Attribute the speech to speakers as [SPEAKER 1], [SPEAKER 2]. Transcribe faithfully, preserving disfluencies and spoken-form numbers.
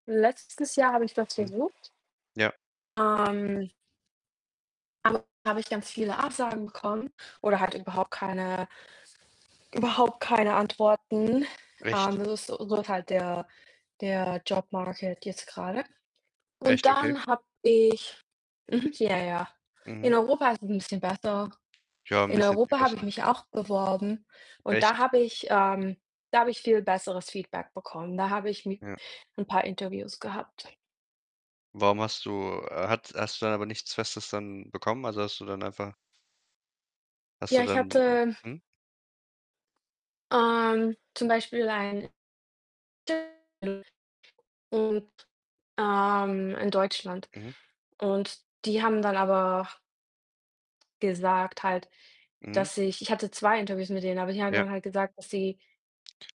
[SPEAKER 1] Letztes Jahr habe ich das
[SPEAKER 2] Mhm.
[SPEAKER 1] versucht.
[SPEAKER 2] Ja.
[SPEAKER 1] Ähm aber da habe ich ganz viele Absagen bekommen oder halt überhaupt keine überhaupt keine Antworten. Ähm,
[SPEAKER 2] Echt?
[SPEAKER 1] das ist so halt der der Job Market jetzt grade und
[SPEAKER 2] Echt? Okay.
[SPEAKER 1] dann habe ich mhm, ja, ja. In
[SPEAKER 2] Mhm.
[SPEAKER 1] Europa ist es 'n bisschen besser.
[SPEAKER 2] Ja, 'n
[SPEAKER 1] In
[SPEAKER 2] bisschen viel
[SPEAKER 1] Europa habe ich
[SPEAKER 2] besser.
[SPEAKER 1] mich auch beworben und da
[SPEAKER 2] Echt?
[SPEAKER 1] habe ich, ähm da habe ich viel besseres Feedback bekommen. Da habe ich mi
[SPEAKER 2] Ja.
[SPEAKER 1] 'n paar Interviews gehabt.
[SPEAKER 2] Warum hast du äh, hat hast du dann aber nichts Festes dann bekommen? Also, hast du dann einfach Hast du
[SPEAKER 1] Ja, ich
[SPEAKER 2] dann
[SPEAKER 1] hatte
[SPEAKER 2] [unintelligible]
[SPEAKER 1] ähm, zum Beispiel ein [unintelligible] und, ähm, in Deutschland
[SPEAKER 2] Mhm.
[SPEAKER 1] und die haben dann aber gesagt halt,
[SPEAKER 2] Mhm.
[SPEAKER 1] dass ich ich hatte zwei Interviews mit denen, aber die haben
[SPEAKER 2] Ja.
[SPEAKER 1] dann halt gesagt, dass sie